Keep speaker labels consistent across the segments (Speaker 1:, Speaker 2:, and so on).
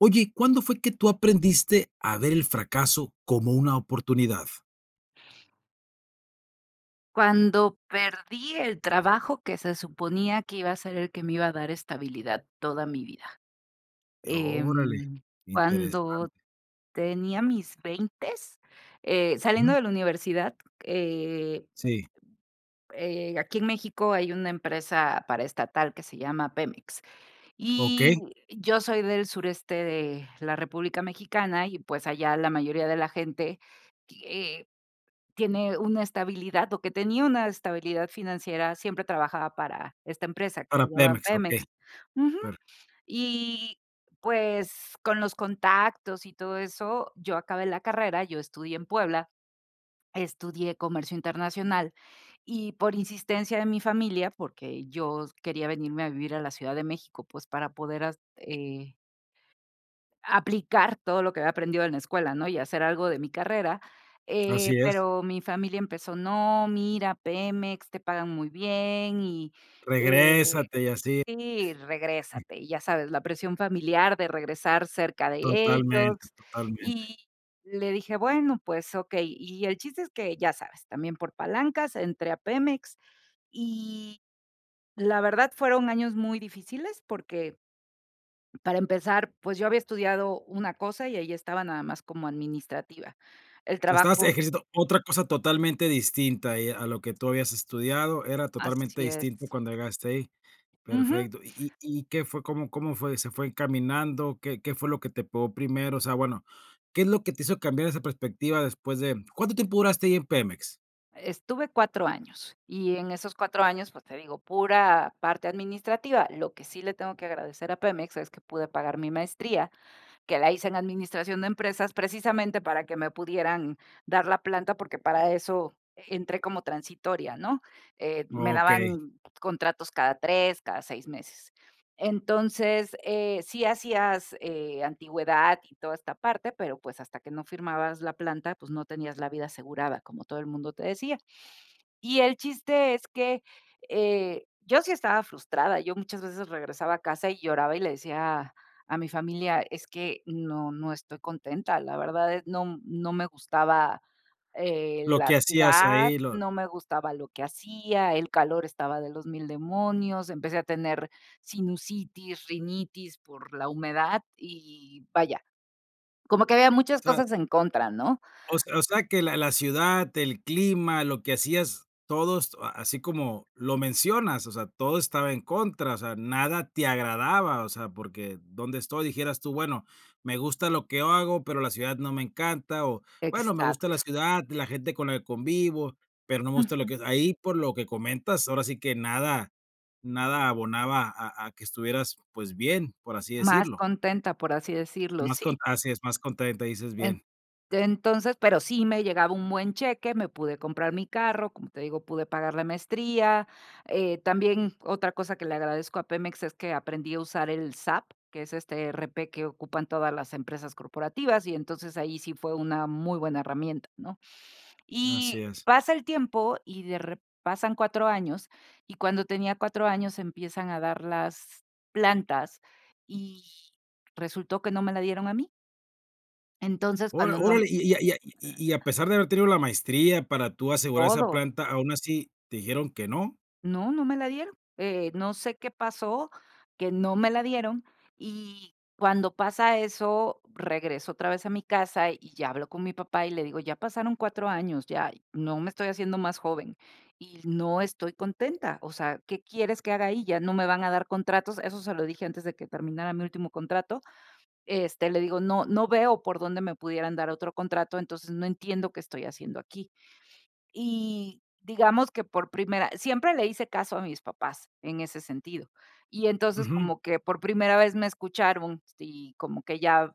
Speaker 1: Oye, ¿cuándo fue que tú aprendiste a ver el fracaso como una oportunidad?
Speaker 2: Cuando perdí el trabajo que se suponía que iba a ser el que me iba a dar estabilidad toda mi vida.
Speaker 1: Y órale,
Speaker 2: Em, cuando
Speaker 1: interesante.
Speaker 2: tenía mis veintes, eh, saliendo
Speaker 1: Ujú.
Speaker 2: de la universidad, eh
Speaker 1: Sí.
Speaker 2: eh, aquí en México hay una empresa paraestatal que se llama Pemex y
Speaker 1: Okey.
Speaker 2: yo soy del sureste de la República Mexicana y, pues, allá la mayoría de la gente y, eh, tiene una estabilidad o que tenía una estabilidad financiera, siempre trabajaba para esta empresa que
Speaker 1: Para
Speaker 2: se llaman
Speaker 1: Pemex,
Speaker 2: Pemex.
Speaker 1: okey.
Speaker 2: Ujú
Speaker 1: Per
Speaker 2: y pues con los contactos y todo eso, yo acabé la carrera, yo estudié en Puebla, estudié comercio internacional, y por insistencia de mi familia, porque yo s quería venirme a vivir a la Ciudad de México, pues para poder as eh aplicar todo lo que había aprendido en la escuela, ¿no?, y hacer algo de mi carrera, eh,
Speaker 1: Así es.
Speaker 2: pero mi familia empezó: "No, mira, Pemex, te pagan muy bien". Y, eh,
Speaker 1: Regrésate y así.
Speaker 2: sí, regrésate. Y ya sabes, la presión familiar de regresar cerca de
Speaker 1: Totalmente,
Speaker 2: ellos.
Speaker 1: totalmente.
Speaker 2: Y le dije: "Bueno, pues, okey". Y el chiste es que, ya sabes, también por palancas entré a Pemex y la verdad fueron años muy difíciles, porque para empezar, pues yo había estudiado una cosa y ahí estaba nada más como administrativa. El
Speaker 1: O sea, estabas
Speaker 2: trabajo
Speaker 1: ejerciendo otra cosa totalmente distinta y, a lo que tú habías estudiado, era totalmente
Speaker 2: Así
Speaker 1: distinto
Speaker 2: es.
Speaker 1: cuando llegaste ahí.
Speaker 2: Ujú.
Speaker 1: Perfecto, ¿y y y qué fue cómo cómo fue? ¿Se fue encaminando? ¿Qué qué fue lo que te pegó primero? O sea, bueno, ¿qué es lo que te hizo cambiar esa perspectiva después de cuánto tiempo duraste ahí en Pemex?
Speaker 2: Estuve 4 años, y en esos 4 años, pues, te digo, pura parte administrativa, lo que sí le tengo que agradecer a Pemex es que pude pagar mi maestría, que la hice en administración de empresas, precisamente para que me pudieran dar la planta, porque para eso entré como transitoria, ¿no?, eh, me
Speaker 1: Okey.
Speaker 2: daban contratos cada 3, cada 6 meses. Entonces, eh, sí hacías, eh, antigüedad y toda esta parte, pero, pues, hasta que no firmabas la planta, pues, no tenías la vida asegurada, como todo el mundo te decía. Y el chiste es que, eh, yo sí estaba frustrada, yo muchas veces regresaba a casa y lloraba y le decía a mi familia: "Es que no no estoy contenta", la verdad es no m no me gustaba, eh,
Speaker 1: Lo
Speaker 2: la
Speaker 1: que hacías
Speaker 2: ciudad,
Speaker 1: ahí, lo
Speaker 2: no me gustaba lo que hacía, el calor estaba de los 1000 demonios, empecé a tener sinusitis, rinitis por la humedad y, vaya, como que había muchas
Speaker 1: Sabes
Speaker 2: cosas en contra, ¿no?
Speaker 1: O s o sea, que la la ciudad, el clima, lo que hacías todos a así como lo mencionas, o sea, todo estaba en contra, o sea, nada te agradaba, o sea, porque donde estoy, dijeras tú, bueno, me gusta lo que hago, pero la ciudad no me encanta, o bueno, me gusta la
Speaker 2: Exacto.
Speaker 1: ciudad, la gente con la que convivo, pero no me gusta lo
Speaker 2: Ujú.
Speaker 1: que ahí por lo que comentas, ahora sí que nada nada abonaba a a que estuvieras, pues, bien, por así
Speaker 2: Más
Speaker 1: decirlo.
Speaker 2: contenta, por así decirlo,
Speaker 1: Más con
Speaker 2: sí.
Speaker 1: así es más contenta, dices
Speaker 2: En
Speaker 1: bien.
Speaker 2: entonces, pero sí me llegaba un buen cheque, me pude comprar mi carro, como te digo, pude pagar la maestría, eh, también otra cosa que le agradezco a Pemex es que aprendí a usar el SAP, que es este ERP que ocupan todas las empresas corporativas, y entonces ahí sí fue una muy buena herramienta, ¿no?,
Speaker 1: Así
Speaker 2: y
Speaker 1: es.
Speaker 2: pasa el tiempo y de rep pasan 4 años, y cuando tenía 4 años empiezan a dar las plantas, y resultó que no me la dieron a mí. Entonces,
Speaker 1: Óra
Speaker 2: cuando no m
Speaker 1: órale, y y a y a y y a pesar de haber tenido la maestría para tú asegurar esa
Speaker 2: Todo.
Speaker 1: planta, aún así, ¿te dijeron que no?
Speaker 2: No no me la dieron, eh, no sé qué pasó, que no me la dieron, y cuando pasa eso, regreso otra vez a mi casa y ya habló con mi papá y le digo: "Ya pasaron 4 años, ya, no me estoy haciendo más joven y no estoy contenta, o sea, ¿qué quieres que haga ahí?, ya no me van a dar contratos", eso se lo dije antes de que terminara mi último contrato. Este, le digo: "No no veo por dónde me pudieran dar otro contrato, entonces no entiendo qué estoy haciendo aquí", y digamos que por primera, siempre le hice caso a mis papás en ese sentido, y entonces
Speaker 1: Ujú.
Speaker 2: como que por primera vez me escucharon, sí, como que ya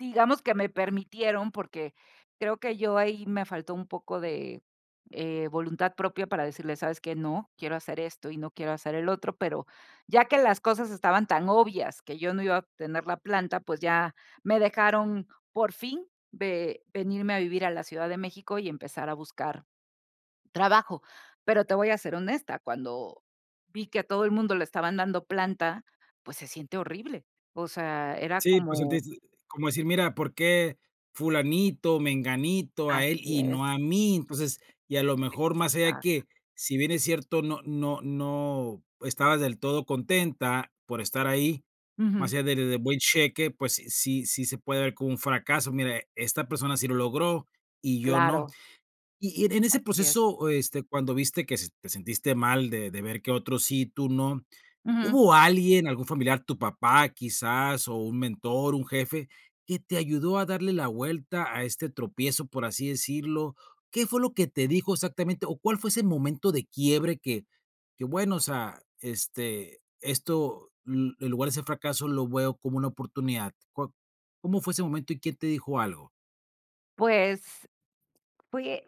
Speaker 2: digamos que me permitieron, porque creo que yo ahí me faltó un poco de, eh, voluntad propia para decirles: "¿Sabes qué?, no, quiero hacer esto y no quiero hacer el otro", pero ya que las cosas estaban tan obvias que yo no iba a obtener la planta, pues ya me dejaron por fin ve venirme a vivir a la Ciudad de México y empezar a buscar trabajo. Pero te voy a ser honesta, cuando vi que a todo el mundo le estaban dando planta, pues se siente horrible. O sea, era
Speaker 1: Sí, pues
Speaker 2: como
Speaker 1: sentiste, como decir, mira, ¿por qué fulanito, menganito, a él
Speaker 2: Así
Speaker 1: y
Speaker 2: es.
Speaker 1: no a mí?, entonces, y a lo mejor más allá
Speaker 2: [unintelligible]
Speaker 1: que, si bien es cierto, no no no estabas del todo contenta por estar ahí,
Speaker 2: Ujú.
Speaker 1: más allá del de buen cheque, pues sí sí se puede ver como un fracaso, mira, esta persona sí lo logró y yo no.
Speaker 2: Claro.
Speaker 1: Y y en ese
Speaker 2: Así es.
Speaker 1: proceso, este, cuando viste que se te sentiste mal de de ver que otros sí, y tú no,
Speaker 2: Ujú.
Speaker 1: ¿hubo alguien, algún familiar, tu papá quizás, o un mentor, un jefe, que te ayudó a darle la vuelta a este tropiezo, por así decirlo? ¿Qué fue lo que te dijo exactamente?, o, ¿cuál fue ese momento de quiebre que que bueno, o sea, este, esto, mm, en lugar de ese fracaso lo veo como una oportunidad? ¿Có cómo fue ese momento y quién te dijo algo?
Speaker 2: Pues, fui eh,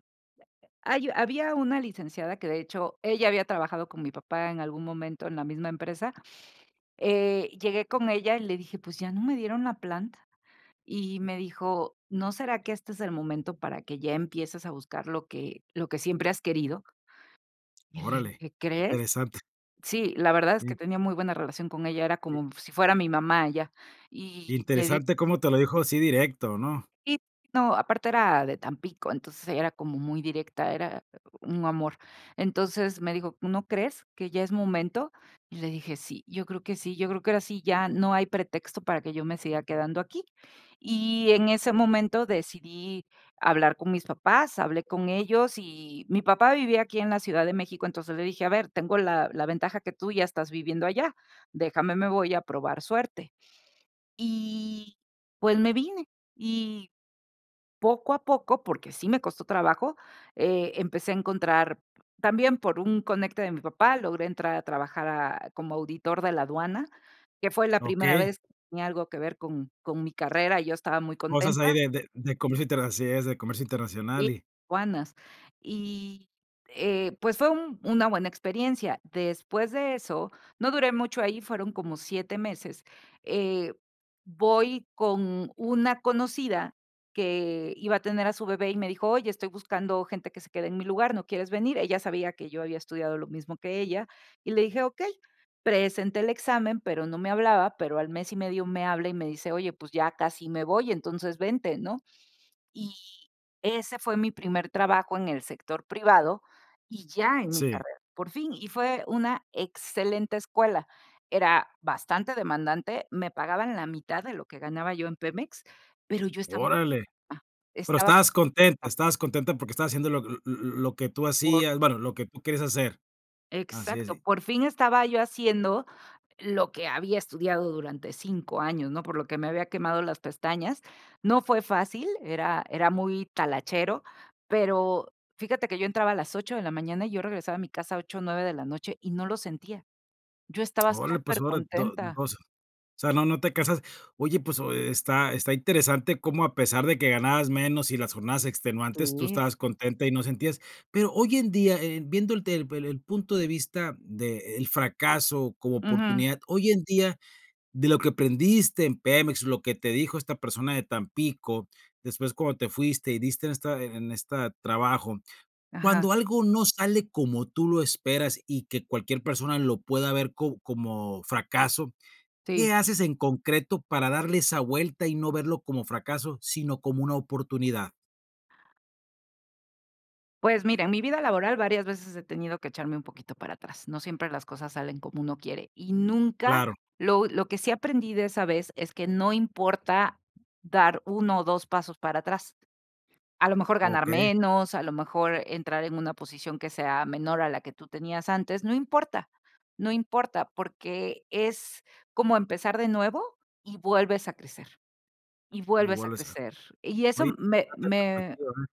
Speaker 2: hay había una licenciada que, de hecho, ella había trabajado con mi papá en algún momento en la misma empresa, eh, llegué con ella y le dije: "Pues, ya no me dieron la planta". Y me dijo: "¿No será que este es el momento para que ya empieces a buscar lo que lo que siempre has querido?" Y le
Speaker 1: Órale,
Speaker 2: dije: "¿Crees?",
Speaker 1: interesante.
Speaker 2: sí, la verdad es
Speaker 1: Sí.
Speaker 2: que tenía muy buena relación con ella, era
Speaker 1: [unintelligible]
Speaker 2: como mm si fuera mi mamá ella, y le di
Speaker 1: Interesante como te lo dijo así directo, ¿no?
Speaker 2: y, no, aparte era de Tampico, entonces era como muy directa, era un amor, entonces me dijo: "¿No crees que ya es momento?". Y le dije: "Sí, yo creo que sí, yo creo que ahora sí, ya no hay pretexto para que yo me siga quedando aquí". Y en ese momento decidí hablar con mis papás, hablé con ellos y mi papá vivía aquí en la Ciudad de México, entonces, le dije: "A ver, tengo la la ventaja que tú ya estás viviendo allá, déjame, me voy a probar suerte". Y, pues, me vine y poco a poco, porque sí me costó trabajo, eh, empecé a encontrar también por un conecte de mi papá, logré entrar a trabajar a como auditor de la aduana, que fue la primera
Speaker 1: Okey.
Speaker 2: vez tenía algo que ver con con mi carrera y yo estaba muy
Speaker 1: Cosas ahí
Speaker 2: contenta.
Speaker 1: de de de comercio internacional, es de comercio
Speaker 2: Y
Speaker 1: internacional y
Speaker 2: aduanas, y, eh, pues fue un una buena experiencia. Después de eso, no duré mucho ahí, fueron como 7 meses, eh, voy con una conocida que iba a tener a su bebé y me dijo: "Oye, estoy buscando gente que se quede en mi lugar, ¿no quieres venir?", ella sabía que yo había estudiado lo mismo que ella, y le dije: 'Okey", presenté el examen, pero no me hablaban, pero al mes y medio me habla y me dice: "Oye, pues ya casi me voy, entonces vente", ¿no?, y ese fue mi primer trabajo en el sector privado y ya en mi
Speaker 1: Sí.
Speaker 2: carrera, por fin, y fue una excelente escuela, era bastante demandante, me pagaban la mitad de lo que ganaba yo en Pemex, pero yo estaba
Speaker 1: Órale,
Speaker 2: [unintelligible]
Speaker 1: pero
Speaker 2: estaba
Speaker 1: estabas contenta,
Speaker 2: [unintelligible]
Speaker 1: estabas contenta porque estabas haciendo lo l l l lo que tú
Speaker 2: Por
Speaker 1: hacías, bueno, lo que tú quieres hacer. Así
Speaker 2: Exacto,
Speaker 1: así.
Speaker 2: por fin estaba yo haciendo lo que había estudiado durante 5 años, ¿no?, por lo que me había quemado las pestañas. No fue fácil, era era muy talachero, pero fíjate que yo entraba a las 8 de la mañana y yo regresaba a mi casa 8, 9 de la noche y no lo sentía, yo estaba
Speaker 1: Órale, pues, óra [unintelligible]
Speaker 2: supercontenta.
Speaker 1: o sea, no no te casas. Oye, pues, oh está está interesante cómo, a pesar de que ganabas menos y las jornadas extenuantes, tú
Speaker 2: Sí.
Speaker 1: estabas contenta y no sentías. Pero hoy en día, eh, viendo el tel el el punto de vista de el fracaso como
Speaker 2: Ujú.
Speaker 1: oportunidad, hoy en día, de lo que aprendiste en Pemex, lo que te dijo esta persona de Tampico, después cuando te fuiste y diste en esta en esta trabajo,
Speaker 2: Ajá.
Speaker 1: cuando algo no sale como tú lo esperas y que cualquier persona lo pueda ver co como fracaso,
Speaker 2: Sí.
Speaker 1: ¿qué haces en concreto para darle esa vuelta y no verlo como fracaso, sino como una oportunidad?
Speaker 2: Pues, mira, en mi vida laboral varias veces he tenido que echarme un poquito para atrás. No siempre las cosas salen como uno quiere. Y nunca
Speaker 1: Claro.
Speaker 2: lo lo que sí aprendí de esa vez es que no importa dar 1 o 2 pasos para atrás. A lo mejor ganar
Speaker 1: Okey.
Speaker 2: menos, a lo mejor entrar en una posición que sea menor a la que tú tenías antes, no importa no importa, porque es como empezar de nuevo y vuelves a crecer y vuelves a
Speaker 1: Igual esa.
Speaker 2: crecer. Y eso
Speaker 1: Oye,
Speaker 2: me me,
Speaker 1: [unintelligible]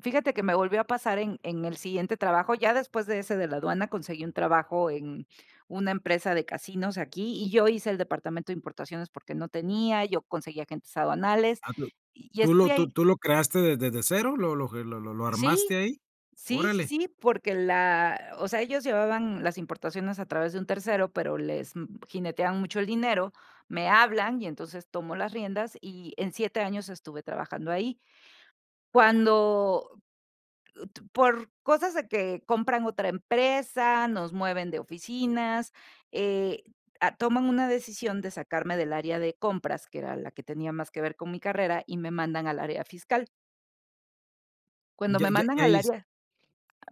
Speaker 2: fíjate que me volvió a pasar en en el siguiente trabajo. Ya después de ese de la aduana, conseguí un trabajo en una empresa de casinos aquí, y yo hice el departamento de importaciones porque no tenía, yo conseguí agentes aduanales,
Speaker 1: Ah, pero,
Speaker 2: y y
Speaker 1: ¿tú
Speaker 2: estuve
Speaker 1: lo, tú
Speaker 2: ahí.
Speaker 1: tú lo creaste desde de cero? ¿Lo lo lo lo lo
Speaker 2: Sí
Speaker 1: armaste ahí?
Speaker 2: sí sí
Speaker 1: Órale.
Speaker 2: sí, porque la, o sea, ellos llevaban las importaciones a través de un tercero, pero les mm, jineteaban mucho el dinero, me hablan y entonces tomo las riendas, y en 7 años estuve trabajando ahí. Cuando, u tu por cosas de que compran otra empresa, nos mueven de oficinas, eh, t ah, toman una decisión de sacarme del área de compras, que era la que tenía más que ver con mi carrera, y me mandan al área fiscal. Cuando
Speaker 1: Ya
Speaker 2: me
Speaker 1: ya
Speaker 2: mandan
Speaker 1: ya
Speaker 2: al
Speaker 1: ahí es.
Speaker 2: área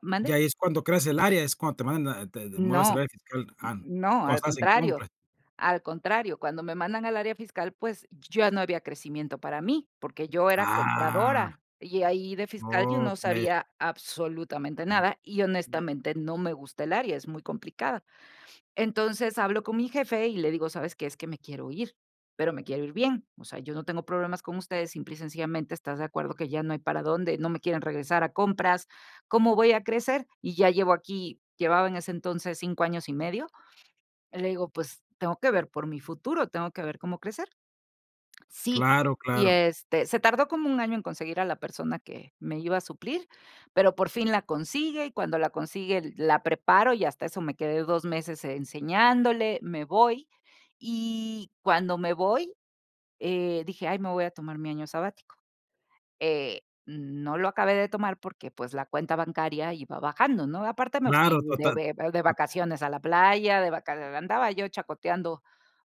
Speaker 2: ¿mande?
Speaker 1: Ya ahí es cuando creas el área, es cuando te mandan, te de mueves el
Speaker 2: No,
Speaker 1: área fiscal, ah,
Speaker 2: no,
Speaker 1: cuando
Speaker 2: al
Speaker 1: estabas en
Speaker 2: contrario.
Speaker 1: compras.
Speaker 2: Al contrario, cuando me mandan al área fiscal, pues, y ya no había crecimiento para mí, porque yo era
Speaker 1: Ah.
Speaker 2: compradora. Y ahí de fiscal yo no
Speaker 1: Okey.
Speaker 2: sabía absolutamente nada y, honestamente, no me gusta el área, es muy complicada. Entonces, hablo con mi jefe y le digo: "¿Sabes qué? Es que me quiero ir, pero me quiero ir bien. O sea, yo no tengo problemas con ustedes, simple y sencillamente, ¿estás de acuerdo que ya no hay para dónde? No me quieren regresar a compras, ¿cómo voy a crecer? Y ya llevo aquí" llevaba en ese entonces 5 años y medio. Le digo: "Pues, tengo que ver por mi futuro, tengo que ver cómo crecer". Sí
Speaker 1: Claro,
Speaker 2: y
Speaker 1: claro.
Speaker 2: este, se tardó como un año en conseguir a la persona que me iba a suplir, pero por fin la consigue y cuando la consigue la preparo y hasta eso me quedé 2 meses e enseñándole. Me voy. Y cuando me voy, eh, dije: "Ay, me voy a tomar mi año sabático". Eh, mm, no lo acabé de tomar porque, pues, la cuenta bancaria iba bajando, ¿no? Aparte, me fui
Speaker 1: Claro,
Speaker 2: de
Speaker 1: total.
Speaker 2: be de vacaciones a la playa, de vaca andaba yo chacoteando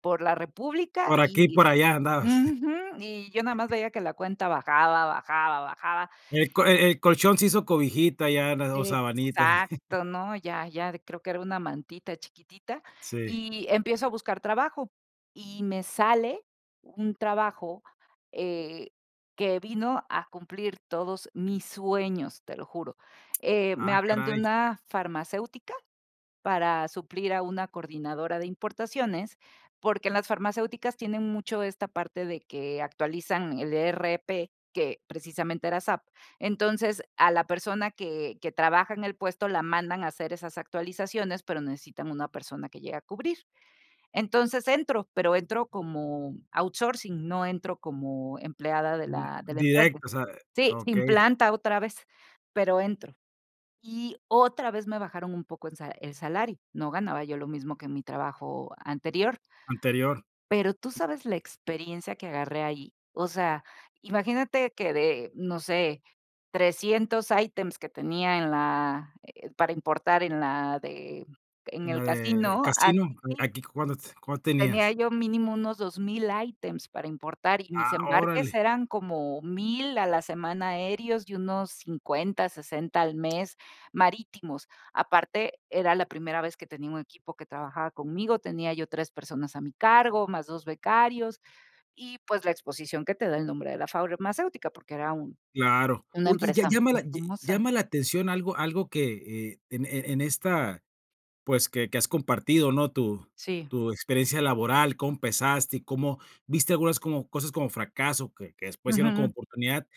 Speaker 2: por la república
Speaker 1: Por aquí y
Speaker 2: y
Speaker 1: por allá andabas.
Speaker 2: ujú, y yo nada más veía que la cuenta bajaba, bajaba, bajaba.
Speaker 1: El co e el colchón se hizo cobijita ya eran o sabanitas.
Speaker 2: Exacto, ¿no? Ya ya creo que era una mantita chiquitita
Speaker 1: Sí.
Speaker 2: y empiezo a buscar trabajo y me sale un trabajo, eh, que vino a cumplir todos mis sueños, te lo juro. Eh, me
Speaker 1: Ah,
Speaker 2: hablan de
Speaker 1: caray.
Speaker 2: una farmacéutica para suplir a una coordinadora de importaciones, porque en las farmacéuticas tienen mucho esta parte de que actualizan el ERP, que precisamente era SAP. Entonces, a la persona que que trabaja en el puesto la mandan a hacer esas actualizaciones, pero necesitan una persona que llegue a cubrir. Entonces entro, pero entro como outsourcing, no entro como empleada de
Speaker 1: D
Speaker 2: la de la empresa.
Speaker 1: directo, o sea, eh,
Speaker 2: Sí, sin
Speaker 1: okey.
Speaker 2: planta otra vez, pero entro. Y otra vez me bajaron un poco en salario el salario. No ganaba yo lo mismo que en mi trabajo anterior.
Speaker 1: Anterior.
Speaker 2: Pero tú sabes la experiencia que agarré ahí. O sea, imagínate que de, no sé, 300 ítems que tenía en la, eh, para importar en la de en
Speaker 1: ¿En
Speaker 2: el
Speaker 1: la de, eh,
Speaker 2: casino,
Speaker 1: casino? Eh,
Speaker 2: aquí
Speaker 1: aquí. ¿Cuant cuánto
Speaker 2: tenía
Speaker 1: tenías?
Speaker 2: yo mínimo unos 2000 ítems para importar, y mis
Speaker 1: Ah,
Speaker 2: embarques
Speaker 1: órale.
Speaker 2: eran como 1000 a la semana aéreos y unos 50, 60 al mes marítimos. Aparte, era la primera vez que tenía un equipo que trabajaba conmigo, tenía yo 3 personas a mi cargo, más 2 becarios, y, pues, la exposición que te da el nombre de la farmacéutica, porque era un
Speaker 1: Claro,
Speaker 2: una
Speaker 1: oye, ya
Speaker 2: empresa
Speaker 1: ya llama
Speaker 2: muy
Speaker 1: la ye
Speaker 2: famosa.
Speaker 1: llama la atención algo algo que e e en e en esta, pues, que que has compartido, ¿no? Tu
Speaker 2: Sí.
Speaker 1: tu experiencia laboral, cómo empezaste y cómo, viste algunas como cosas como fracaso que que después se hicieron como
Speaker 2: Ujù.
Speaker 1: oportunidad.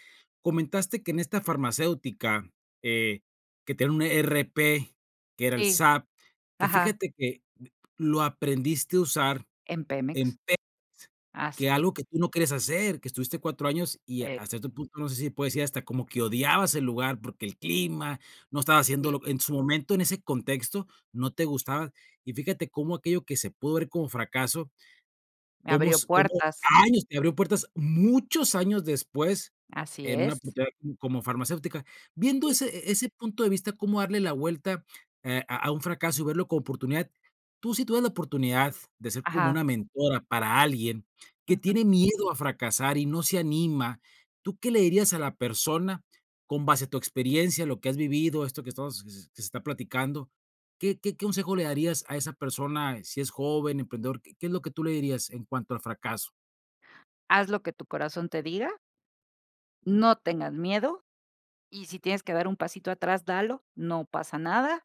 Speaker 1: Comentaste que en esta farmacéutica que que, eh, tienen un ERP, que era el
Speaker 2: Sí,
Speaker 1: SAP, que
Speaker 2: ajá.
Speaker 1: fíjate que, eh, lo aprendiste a usar
Speaker 2: En
Speaker 1: en
Speaker 2: Pemex.
Speaker 1: [unintelligible] que
Speaker 2: Así es.
Speaker 1: algo que tú no quieres hacer, que estuviste 4 años y
Speaker 2: Sí.
Speaker 1: hasta cierto otro punto, no sé si se puede decir hasta como que odiabas el lugar porque el clima, no estaba
Speaker 2: Sí.
Speaker 1: haciéndolo en su momento en ese contexto no te gustaba, y fíjate cómo aquello que se pudo ver como fracaso,
Speaker 2: Me
Speaker 1: como
Speaker 2: abrió
Speaker 1: s como
Speaker 2: puertas.
Speaker 1: años te abrió puertas muchos años después
Speaker 2: Así
Speaker 1: en una pues
Speaker 2: es.
Speaker 1: ya como farmacéutica, viendo
Speaker 2: Sí.
Speaker 1: ese e e ese punto de vista, cómo darle la vuelta, eh, a a un fracaso y verlo como oportunidad, tú sí tuvieras la oportunidad de ser como
Speaker 2: Ajá.
Speaker 1: una mentora para alguien que
Speaker 2: Ujù.
Speaker 1: tiene miedo a fracasar y no se anima, ¿tú qué le dirías a la persona con base a tu experiencia, lo que has vivido, esto que estamos s s que se está platicando? ¿Qué qué qué consejo le darías a esa persona, eh, si es joven, emprendedor? ¿Qué qué es lo que tú le dirías en cuanto al fracaso?
Speaker 2: Haz lo que tu corazón te diga. No tengas miedo, Y sí tienes que dar un pasito atrás, dalo, no pasa nada.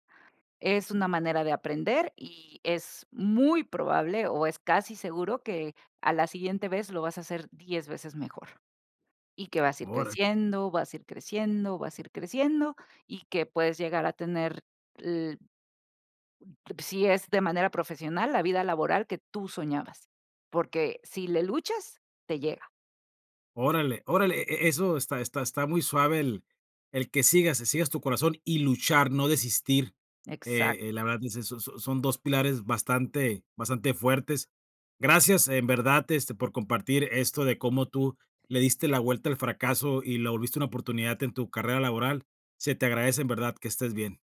Speaker 2: Es una manera de aprender y es muy probable o es casi seguro que a la siguiente vez lo vas a hacer 10 veces mejor y que vas a ir
Speaker 1: Órale.
Speaker 2: creciendo, vas a ir creciendo, vas a ir creciendo y que puedes llegar a tener, l si es de manera profesional, la vida laboral que tú soñabas. Porque si le luchas, te llega.
Speaker 1: Órale órale e e eso está está está muy suave el el que sigas que sigas tu corazón y luchar, no desistir. Eh eh, la
Speaker 2: Exacto.
Speaker 1: verdad, pues eso so so son 2 pilares bastante bastante fuertes. Gracias en verdad este por compartir esto de como tú le diste la vuelta al fracaso y lo volviste una oportunidad en tu carrera laboral. Se te agradece en verdad, que estés bien.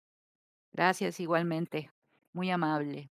Speaker 2: Gracias, igualmente. Muy amable.